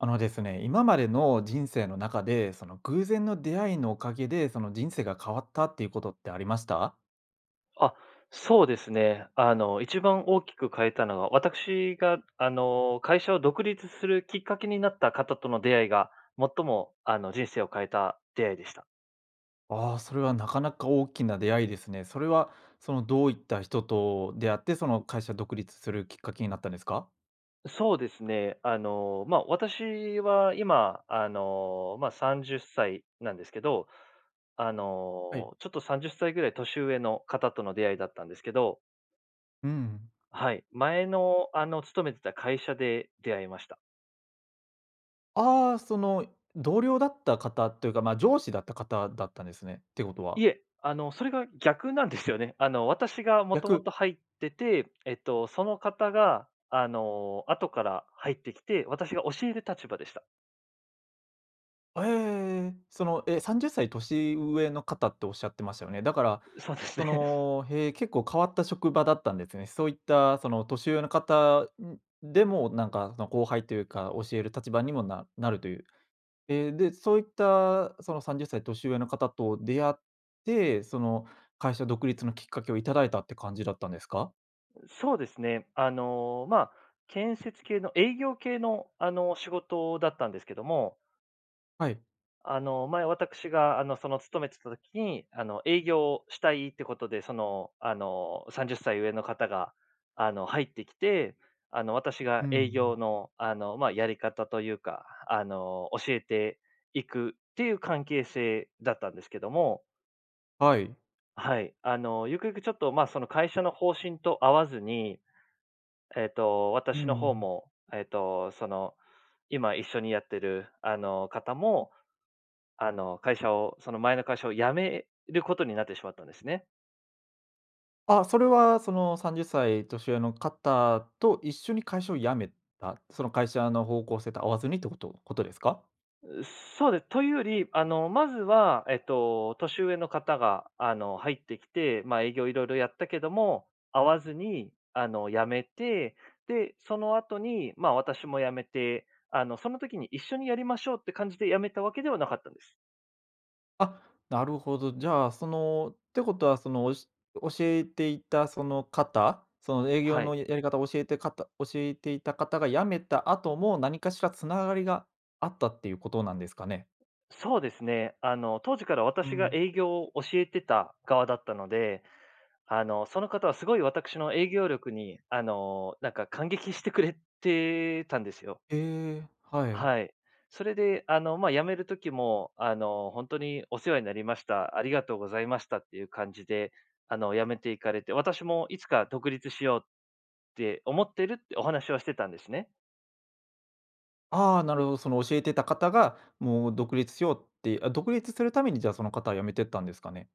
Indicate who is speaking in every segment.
Speaker 1: あのですね、今までの人生の中で、その、偶然の出会いのお蔭で、その、人生が変わったって言う事ってありました？
Speaker 2: あ、そうですね。あの、一番大きく変えたのは、私が、あの、会社を独立するきっかけになった方との出会いが、最もあの人生を変えた出会いでした。
Speaker 1: ああ、それは、なかなか大きな出会いですね。それは、そのどういった人と出会って、その会社独立するきっかけになったんですか？
Speaker 2: そうですね、あの、まあ、私は今あの、まあ、30歳なんですけど、あ
Speaker 1: はい。
Speaker 2: の、ちょっと30歳ぐらい年上の方との出会いだったんですけど
Speaker 1: うん。
Speaker 2: はい、前の、あの、勤めてた会社で出会いました。
Speaker 1: ああ、その同僚だった方って言うか、まあ、上司だった方だったんですね、ってことは。
Speaker 2: いえ、あの、それが逆なんですよね。あの、私が元々
Speaker 1: 逆？
Speaker 2: 入ってて、えっと、その方が、あの、後から入ってきて、私が教える立場でした。
Speaker 1: あ、ええ、その、え、30歳年上の方っておっしゃってましたよね？だから
Speaker 2: う、そうです
Speaker 1: そ
Speaker 2: ね。
Speaker 1: の、へえ、結構変わった職場だったんですね。そういったその、年上の方、ん、でも、なんかその後輩というか、教える立場にもななるという。ええ、で、そういったその、30歳年上の方と出会って、その、会社独立のきっかけをいただいたって感じだったんですか？
Speaker 2: う、そうですね。あの、まあ、建設系の営業系の、あの、仕事だったんですけども
Speaker 1: はい。
Speaker 2: あの、前、わたくしが、あの、その勤めてた時に、あの、営業したいってことで、その、あの、30歳上の方が、あの、入ってきて、あの、私
Speaker 1: う
Speaker 2: が
Speaker 1: んうんう
Speaker 2: 営業
Speaker 1: ん。
Speaker 2: の、あの、ま、やり方とゆうか、あの、教えていくっていう関係性だったんですけども
Speaker 1: はい。
Speaker 2: はい。あの、ゆくゆくちょっと、ま、その会社の方針と合わずに、えっと、
Speaker 1: うんう
Speaker 2: 私の方
Speaker 1: ん
Speaker 2: も、えっと、その、今一緒にやってる、あの、方も、あの、会社を、その、前の会社を辞めることになってしまったんですね。
Speaker 1: あ、それはその、30歳年上の方と、一緒に会社を辞めたその会社の方向性と、合わずにってことことですか？
Speaker 2: う、そうです。というより、あの、まずはえっと、年上の方があの、入ってきて。まあ、営業色々やったけども、合わずに、あの辞めて。で、その後に、ま、私も辞めて。あの、その時に一緒にやりましょう、って感じで、辞めたわけではなかったんです。
Speaker 1: あ、なるほど。じゃあその、ってことは、その、おし教えていたその方、その、営業
Speaker 2: はい。
Speaker 1: のやり方を教えてかた教えていた方が辞めた後も、何かしら繋がりが、あったっていうことなんですかね？
Speaker 2: そうですね、あの、当時から
Speaker 1: う
Speaker 2: 私が、
Speaker 1: ん。
Speaker 2: 営業を教えてた側だったので。あの、その方は、すごい私の営業力に、あの、なんか感激してくれてたんですよ。
Speaker 1: ええ、はい。
Speaker 2: はい。それであの、まあ、辞める時もあの、「ほんとにお世話になりました、ありがとうございました」っていう感じで、あの、辞めていかれて。私もいつか独立しよう、って思ってるってお話はしてたんですね。
Speaker 1: ああ、なるほど。その教えてた方が、もう独立しようってあ、独立するために、じゃあ、その方は辞めてったんですかね？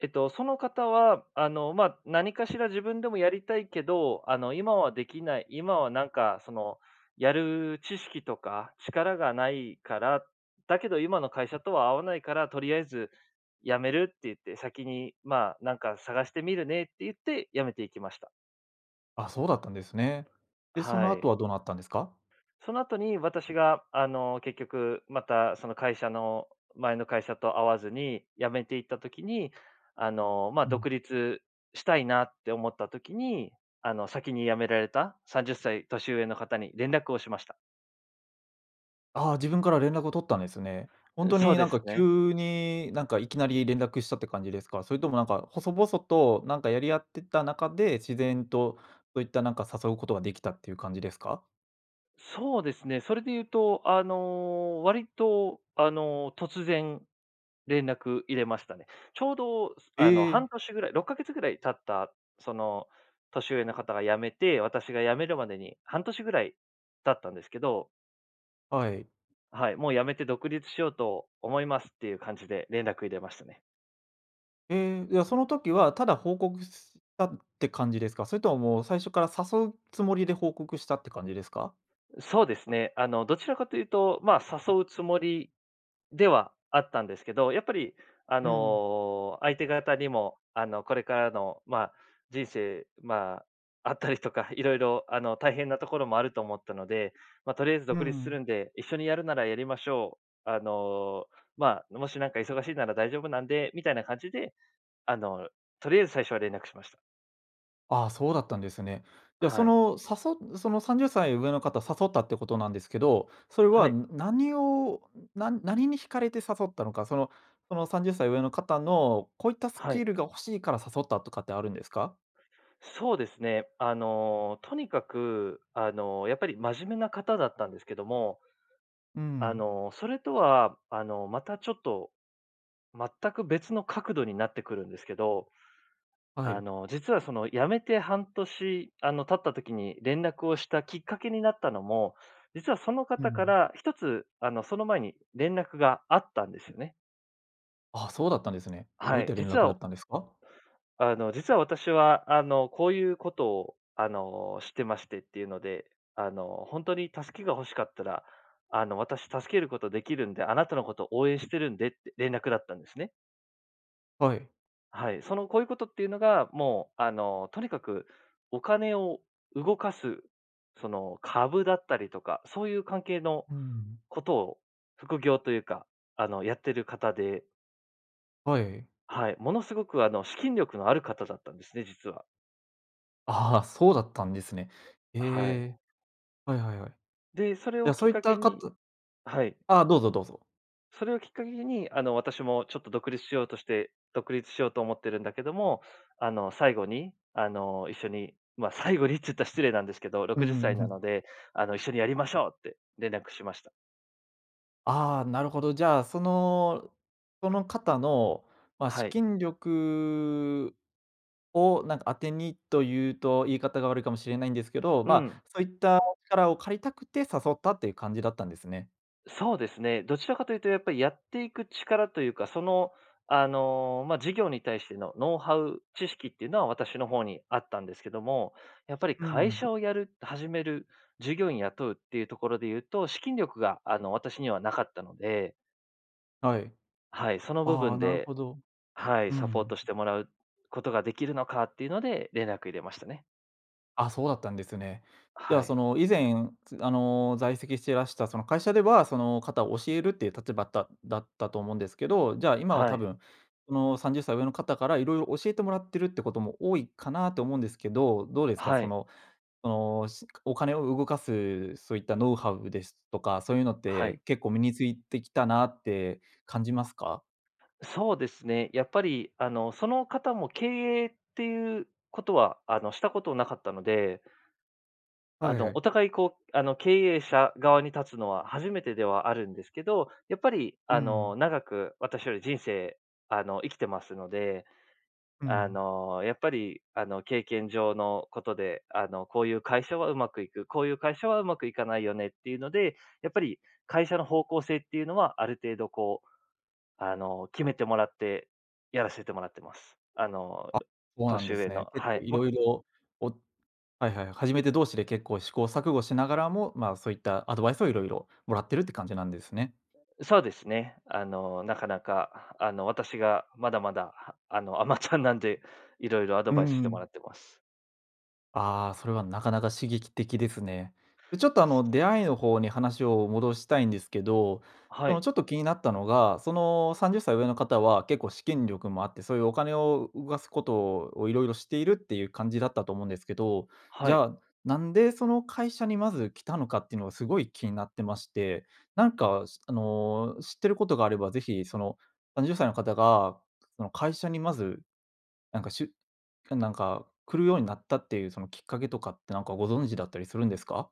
Speaker 2: えっと、その方は、あの、まあ、何かしら自分でもやりたいけど、あの、今は出来ない今は何か、その、やる知識とか力がないから、だけど、今の会社とは合わないから、とりあえず辞めるって言って、先に、まあ「なんか探してみるね」って言って、辞めていきました。
Speaker 1: あ、そうだったんですね。で、その
Speaker 2: は
Speaker 1: 後
Speaker 2: い。
Speaker 1: はどうなったんですか？
Speaker 2: その後に、私が、あの、結局また、その会社の前の会社と合わずに、辞めていった時にあの、まあ、
Speaker 1: うん。
Speaker 2: 独立したいなって思った時に、あの、先に辞められた30歳年上の方に、連絡をしました。
Speaker 1: ああ、自分から連絡を取ったんですね。本
Speaker 2: うん。
Speaker 1: 当
Speaker 2: そう
Speaker 1: に、
Speaker 2: で
Speaker 1: なん
Speaker 2: す
Speaker 1: か
Speaker 2: ね。
Speaker 1: 急に、なんか、いきなり連絡したって感じですか？それとも、なんか細々と、なんかやり合ってた中で、自然とそういった、なんか、誘うことができたっていう感じですか？
Speaker 2: そうですね。それで言うと、あの、割と、あの、突然、連絡入れましたね。ちょうど、す
Speaker 1: え
Speaker 2: あの、
Speaker 1: え。
Speaker 2: 半年ぐらい、6か月ぐらい経ったその、年上の方が辞めて、私が辞めるまでに、半年ぐらい経ったんですけど。
Speaker 1: はい。
Speaker 2: はい、「もう、辞めて独立しようと思います」ってゆう感じで連絡入れましたね。
Speaker 1: ええ、いや、その時はただ報告ししたって感じですか？それとももう、最初から誘うつもりで報告したって感じですか？
Speaker 2: そうですね、あの、どちらかというと、ま、誘うつもりではあったんですけど、やっぱり、あ
Speaker 1: うんうん。
Speaker 2: の、相手方にも、あの、これからの、ま、人生、ま、あったりとか色々、あの、大変なところもあると思ったので、ま、とりあえず、
Speaker 1: う
Speaker 2: 「独立
Speaker 1: んう
Speaker 2: す
Speaker 1: ん。
Speaker 2: るんで、一緒にやるならやりましょう。あの、まあ、もしなんか忙しいなら大丈夫なんで」みたいな感じで、あの、とりあえず最初は連絡しました。
Speaker 1: ああ、そうだったんですね。じゃあそ
Speaker 2: はい。
Speaker 1: の、さそん、30歳上の方誘ったってことなんですけど、それ
Speaker 2: は
Speaker 1: は、
Speaker 2: い。
Speaker 1: ん、何をん、な何に惹かれて誘ったのか、その、その30歳上の方のこういったス
Speaker 2: は
Speaker 1: キ
Speaker 2: い。
Speaker 1: ルが欲しいから誘ったとかってあるんですか？
Speaker 2: そうですね。あの、とにかく、あの、やっぱり真面目な方だったんですけども、
Speaker 1: うんう
Speaker 2: あ
Speaker 1: ん。
Speaker 2: の、それとは、あの、またちょっと全く別の角度になってくるんですけど、
Speaker 1: は
Speaker 2: あ
Speaker 1: い。
Speaker 2: の、実はその、辞めて半年、あの、経った時に連絡をしたきっかけになったのも、実はその
Speaker 1: う
Speaker 2: 方か
Speaker 1: ん。
Speaker 2: らひとつ、あの、その前に連絡があったんですよね。
Speaker 1: あ、そうだったんですね。どう
Speaker 2: は
Speaker 1: いっ
Speaker 2: い。
Speaker 1: た連
Speaker 2: 実
Speaker 1: 絡
Speaker 2: は、
Speaker 1: だっ
Speaker 2: お
Speaker 1: たんですか？
Speaker 2: あの、実は私は、あの、こうゆうことを、あの、してましてっていうので、あの、ほんとに助けが欲しかったら、あの、私助けることできるんで、あなたのこと応援してるんでって連絡だったんですね。
Speaker 1: はい。
Speaker 2: はい、その、こうゆうことっていうのが、もう、あの、とにかくお金を動かす、その、株だったりとかそうゆう関係の
Speaker 1: うんうん。
Speaker 2: ことを、副業というか、あの、やってる方で
Speaker 1: はい。
Speaker 2: はい、ものすごく、あの、資金力のある方だったんですね、実は。
Speaker 1: ああ、そうだったんですね。え
Speaker 2: はい。
Speaker 1: え、はいはいはい。
Speaker 2: で、それ
Speaker 1: じ
Speaker 2: を
Speaker 1: ゃ、
Speaker 2: き
Speaker 1: そ
Speaker 2: っ
Speaker 1: ういっ
Speaker 2: かけ
Speaker 1: たか
Speaker 2: に
Speaker 1: た
Speaker 2: はい。
Speaker 1: ああ、どうぞどうぞ。
Speaker 2: それをきっかけに、あの、私もちょっと独立しようとして独立しようと思ってるんだけども、あの、最後に、あの、一緒にま、最後にっつった失礼なんですけど、ろ
Speaker 1: うん
Speaker 2: く
Speaker 1: う
Speaker 2: じゅっ
Speaker 1: ん、
Speaker 2: さ
Speaker 1: うん、
Speaker 2: い
Speaker 1: ふ
Speaker 2: なの
Speaker 1: ん。
Speaker 2: で、あの、一緒にやりましょう！って連絡しました。
Speaker 1: ああ、なるほど。じゃあその、その方の、ま、
Speaker 2: は
Speaker 1: 資
Speaker 2: い。
Speaker 1: 金力を、なんか、当てにとゆうと言い方が悪いかもしれないんですけど、
Speaker 2: う
Speaker 1: まあ、
Speaker 2: ん。
Speaker 1: そういった力を借りたくて誘ったっていう感じだったんですね。
Speaker 2: そうですね、どちらかとゆうとやっぱい、やっていく力というかその、あの、ま、事業に対してのノウハウ、知識っていうのは私の方にあったんですけども、やっぱり
Speaker 1: うんう
Speaker 2: 会
Speaker 1: ん。
Speaker 2: 社をやる、始める、従業員雇うっていうところでゆうと、資金力が、あの、私にはなかったので
Speaker 1: はい。
Speaker 2: はい、その部
Speaker 1: あ
Speaker 2: 分
Speaker 1: あ、なる
Speaker 2: で、
Speaker 1: ほど。
Speaker 2: はい。
Speaker 1: うー
Speaker 2: サポー
Speaker 1: ん。
Speaker 2: トしてもらうことが、できるのかっていうので、連絡入れましたね。
Speaker 1: あ、そうだったんですね。じゃ
Speaker 2: は
Speaker 1: あそ
Speaker 2: い。
Speaker 1: の、以前あの、在籍していらした、その会社では、その方を教えるっていう立場だっだったと思うんですけど。じゃあ今は
Speaker 2: は
Speaker 1: 多
Speaker 2: い。
Speaker 1: 分、その30歳上の方から、色々教えてもらってるってことも、多いかなって思うんですけど、どうですか？
Speaker 2: は
Speaker 1: そ
Speaker 2: い。
Speaker 1: の、その、しお金を動かす、そういったノウハウですとか、そういうのっ
Speaker 2: はい。
Speaker 1: て、結構身についてきたなって感じますか？
Speaker 2: そうですね。やっぱりあの、その方も経営っていうことは、あの、したことなかったのであ
Speaker 1: はい
Speaker 2: の、
Speaker 1: はい。
Speaker 2: お互いこうあの、経営者側に立つのは、初めてではあるんですけど。やっぱり
Speaker 1: うー
Speaker 2: あ
Speaker 1: ん。
Speaker 2: の、長く私より人生、あの、生きてますので。
Speaker 1: う
Speaker 2: あ
Speaker 1: ん。
Speaker 2: の、やっぱりあの、経験上のことで、あの、こういう会社は上手くいく、こういう会社は上手くいかないよね、っていうので、やっぱり会社の方向性っていうのは、ある程度こう、あの、決めてもらって、やらせてもらってます。あの、
Speaker 1: あ。そうなん
Speaker 2: 年
Speaker 1: です
Speaker 2: 上
Speaker 1: ね。
Speaker 2: の
Speaker 1: 結
Speaker 2: は
Speaker 1: 構
Speaker 2: い、ま
Speaker 1: 色々、おはいはい、初めて同士で結構、試行錯誤しながらも、ま、そういったアドバイスを色々、もらってるって感じなんですね。
Speaker 2: そうですね。あのなかなか、あの私がまだまだ、あの甘ちゃんなんで、色々アド
Speaker 1: うー
Speaker 2: バイスしてもら
Speaker 1: ん。
Speaker 2: ってます。
Speaker 1: ああ、それはなかなか刺激的ですね。ちょっと、あの、出会いの方に話を戻したいんですけど、
Speaker 2: は
Speaker 1: その、
Speaker 2: い。
Speaker 1: ちょっと気になったのが、その、30歳上の方は結構資金力もあって、そうゆうお金を動かすことをを、色々知っているっていう感じだったと思うんですけど、
Speaker 2: は
Speaker 1: じゃ
Speaker 2: い。
Speaker 1: あなんで、その、会社にまず来たのかってのがすごい気になってまして。なんか、しあの、知ってることがあれば、是非その、30歳の方が、その、会社にまず、なんか、しゅなんか、来るようになったっていう、そのきっかけとかってなんかご存知だったりするんですか？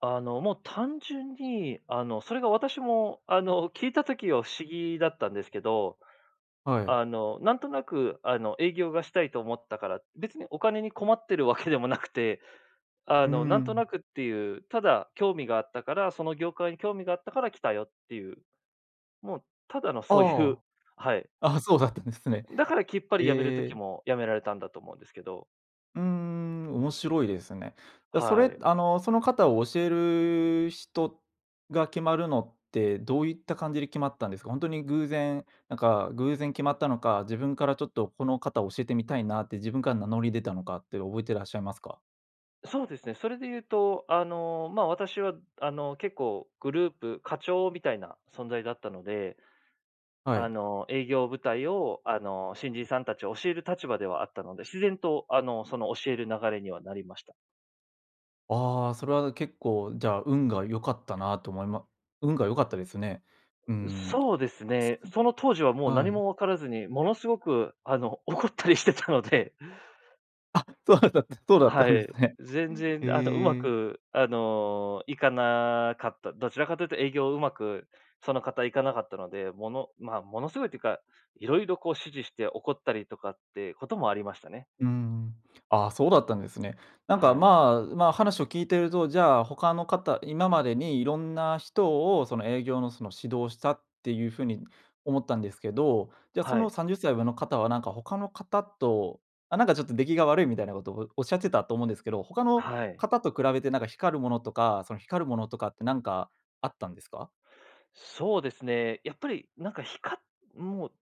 Speaker 2: あの、もう単純に、あの、それが私も、あの、聞いた時は不思議だったんですけど。
Speaker 1: はい。
Speaker 2: あの、なんとなく、あの、営業がしたいと思ったから、別にお金に困ってるわけでもなくて、あ
Speaker 1: うー
Speaker 2: の、なんと
Speaker 1: ん。
Speaker 2: なくってゆう、ただ興味があったから、その業界に興味があったから来たよってゆう、もうただのそうゆう
Speaker 1: あ
Speaker 2: はい。
Speaker 1: あ。あ、そうだったんですね。
Speaker 2: だから、きっぱり辞める
Speaker 1: え
Speaker 2: 時
Speaker 1: え。
Speaker 2: も辞められたんだと思うんですけど
Speaker 1: うーん、面白いですね。や、そ
Speaker 2: は
Speaker 1: れ、
Speaker 2: い。
Speaker 1: あの、その方を教える人が決まるのって、どういった感じで決まったんですか？ほんとに偶然、なんか偶然決まったのか、自分からちょっと、この方教えてみたいなって、自分から名乗り出たのかって覚えてらっしゃいますか？
Speaker 2: そうですね。それで言うと、あの、まあ、私は、あの、結構グループ課長みたいな存在だったので。
Speaker 1: はい。
Speaker 2: あの、営業部隊を、あの、新人さんたち、教える立場ではあったので、自然と、あの、その教える流れにはなりました。
Speaker 1: ああ、それは結構、じゃあ、運が良かったなと思いま運が良かったですね。うー
Speaker 2: う、
Speaker 1: ん、
Speaker 2: そうです
Speaker 1: す
Speaker 2: ね。
Speaker 1: うん、
Speaker 2: その当時は、もう
Speaker 1: は
Speaker 2: 何
Speaker 1: い。
Speaker 2: も分からずに、もの凄く、あの、怒ったりしてたので。
Speaker 1: あ、そうだったそうだった
Speaker 2: は
Speaker 1: んです
Speaker 2: い。
Speaker 1: ね。
Speaker 2: 全然、あの、うま
Speaker 1: ええ。
Speaker 2: く、あの、いかなかった。どちらかと言うと、営業をうまく、その方いかなかったので。ものまあ、もの凄いって言うか、色々こう指示して、怒ったりとかって事もありましたね。
Speaker 1: うーん。あ、そうだったんですね。なんか、
Speaker 2: はい。
Speaker 1: まあまあ、話を聞いていると、じゃあ他の方、今までに色んな人を、その営業の、その、指導をしたっていう風に、思ったんですけど。じゃあ、そ
Speaker 2: は
Speaker 1: の
Speaker 2: い。
Speaker 1: 30歳上の方は、なんか他の方と、あ、なんか、ちょっと出来が悪いみたいな事を、おっしゃってたと思うんですけど。他の
Speaker 2: はい。
Speaker 1: 方と比べて、なんか光るものとか、その光るものとかって、何かあったんですか？
Speaker 2: そうですね。やっぱりなんか、ひかもう、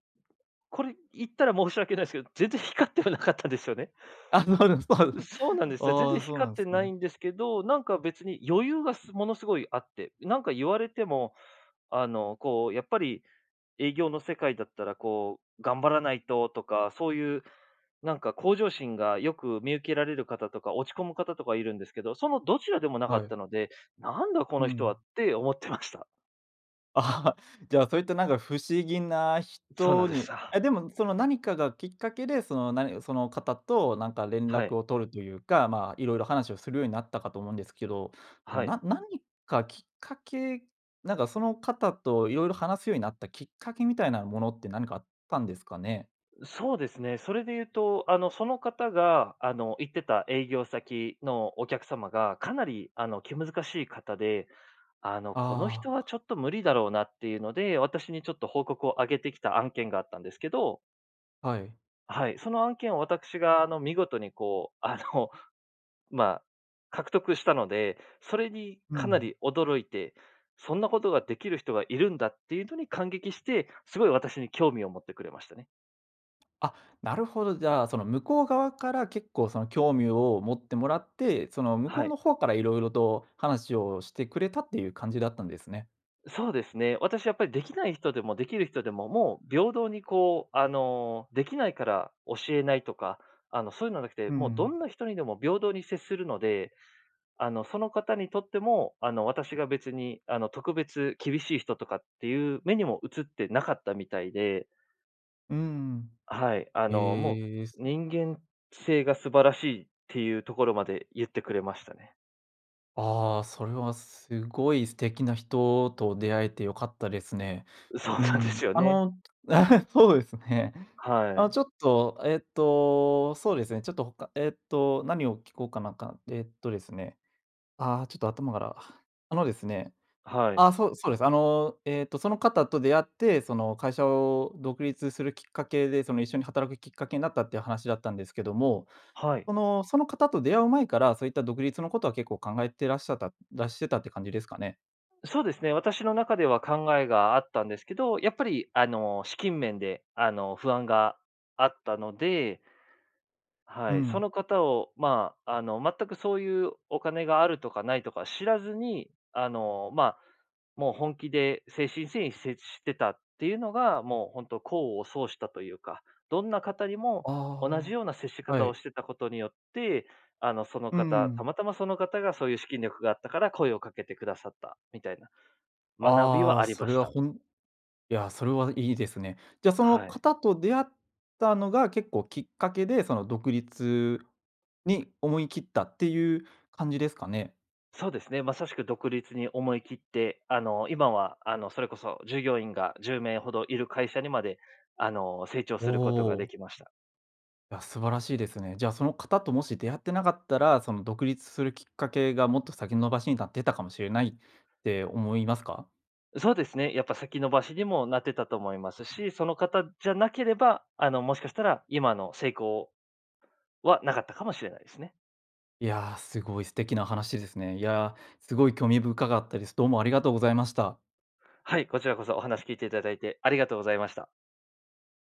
Speaker 2: これ言ったら申し訳ないすけど、全然光ってはなかったですよね。
Speaker 1: あ、そうですそうです。
Speaker 2: う、そうなんですよ。全
Speaker 1: あ
Speaker 2: 然
Speaker 1: あ、そうな
Speaker 2: 光っ
Speaker 1: ん
Speaker 2: て
Speaker 1: す
Speaker 2: ない
Speaker 1: ね。
Speaker 2: んですけど、なんか別に余裕がすもの凄いあって。なんか言われても、あの、こうやっぱり、営業の世界だったら、こう、頑張らないととか、そういう、なんか向上心が、よく見受けられる方とか、落ち込む方とかいるんですけど。そのどちらでもなか
Speaker 1: は
Speaker 2: っ
Speaker 1: い。
Speaker 2: たので、なんだ、こ
Speaker 1: う
Speaker 2: の人は
Speaker 1: ん。
Speaker 2: って思ってました。
Speaker 1: じゃあ、そういった、なんか、不思議な
Speaker 2: そうな
Speaker 1: 人
Speaker 2: んで
Speaker 1: に
Speaker 2: すよ。
Speaker 1: え、でも、その、何かがきっかけで、その、何その方となんか、連
Speaker 2: は
Speaker 1: 絡
Speaker 2: い。
Speaker 1: を取るというか、まあ、色々話をするようになったかと思うんですけど。
Speaker 2: はい。
Speaker 1: ななにか、きっかけなんか、その方と、色々話すようになったきっかけみたいなものって、何かあったんですかね。
Speaker 2: ん、そうですね。それで言うと、あの、その方が、あの、行ってた営業先のお客様が、かなり、あの、気難しい方で。あの「この人
Speaker 1: ああ。
Speaker 2: は
Speaker 1: はい。
Speaker 2: ちょっと無理だろうな」っていうので、私にちょっと、報告を上げてきた案件があったんですけど。
Speaker 1: はい。
Speaker 2: はい、その案件を、私が、あの、見事にこう、あの、まあ、獲得したので。それに
Speaker 1: う
Speaker 2: かな
Speaker 1: ん。
Speaker 2: り驚いて「そんなことができる人がいるんだ」っていうのに感激して、すごい私に興味を持ってくれましたね。
Speaker 1: あ、なるほど。じゃあその、向こう側から、結構その、興味を持ってもらって。その、向こ
Speaker 2: は
Speaker 1: う
Speaker 2: い。
Speaker 1: のほうから色々と話をしてくれた、っていう感じだったんですね。
Speaker 2: そうですね。私やっぱり、できない人でもできる人でも、もう、平等にこう、あの、できないから教えないとか、あの、そういうのはなくて、
Speaker 1: う
Speaker 2: もう、ど
Speaker 1: ん。
Speaker 2: んな人にでも平等に接するので。あの、その方にとっても、あの、私が別に、あの、特別厳しい人とかっていう目にも映ってなかったみたいで。
Speaker 1: うん。
Speaker 2: はい。あの、も
Speaker 1: ええ。す
Speaker 2: う、人間性が素晴らしいっていうところまで、言ってくれましたね。
Speaker 1: ああ、それは、すごい素敵な人と出会えて良かったですね。
Speaker 2: そう
Speaker 1: う
Speaker 2: なんで
Speaker 1: ん、
Speaker 2: すよ
Speaker 1: あ
Speaker 2: ね。
Speaker 1: の、そうですね。
Speaker 2: は
Speaker 1: あ、
Speaker 2: い。
Speaker 1: ちょっと、えっと、そうですね。ちょっとほかえっと、何を聞こうかなんか、えっとですね、ああ、ちょっと頭からあのですね
Speaker 2: はい。
Speaker 1: あ、そうそうです。あの、えっと、その方と出会って、その、会社を独立するきっかけで、その、一緒に働くきっかけになったっていう話だったんですけども。
Speaker 2: はい。
Speaker 1: そのその方と出会う前から、そういった独立のことは、結構考えてらっしゃったらしてたって感じですかね。
Speaker 2: そうですね。私の中では考えがあったんですけど、やっぱり、あの、資金面で、あの、不安があったので
Speaker 1: う
Speaker 2: はい。そ
Speaker 1: ん。
Speaker 2: の方をまあ、あの、全くそういう、お金があるとかないとか知らずに、あの、まあ、もう本気で、誠心誠意接してたっていうのが、もう本当、功を奏したというか。どんな方にも、同じ
Speaker 1: あ
Speaker 2: ような接し
Speaker 1: あ、
Speaker 2: 方
Speaker 1: は
Speaker 2: を
Speaker 1: い。
Speaker 2: してたことによって、あの、その
Speaker 1: うん
Speaker 2: 方、
Speaker 1: う
Speaker 2: た
Speaker 1: ん。
Speaker 2: またまその方が、そういう資金力があったから声をかけてくださった、みたいな。学び
Speaker 1: あ
Speaker 2: は
Speaker 1: あ、
Speaker 2: あり
Speaker 1: そ
Speaker 2: ま
Speaker 1: れ
Speaker 2: し
Speaker 1: は、
Speaker 2: た。
Speaker 1: ほんいや、それはいいですね。じゃあ、その
Speaker 2: はい。
Speaker 1: 方と出会ったのが結構、きっかけで、その、独立に思い切ったっていう感じですかね。
Speaker 2: そうですね。まさしく独立に思い切って。あの、今は、あの、それこそ、従業員が10名ほどいる会社にまで、あの、成長
Speaker 1: お
Speaker 2: することがで
Speaker 1: お。
Speaker 2: きました。
Speaker 1: いや、素晴らしいですね。じゃあ、その方ともし出会ってなかったら、その、独立するきっかけが、もっと先延ばしになってたかもしれないって、思いますか？
Speaker 2: そうですね。やっぱ、先延ばしにもなってたと思いますし、その方じゃなければ、あの、もしかしたら、今の成功はなかったかもしれないですね。
Speaker 1: いや、すごい素敵な話ですね。いや、すごい興味深かったです。どうもありがとうございました。
Speaker 2: はい。こちらこそ、お話聞いていただいてありがとうございました。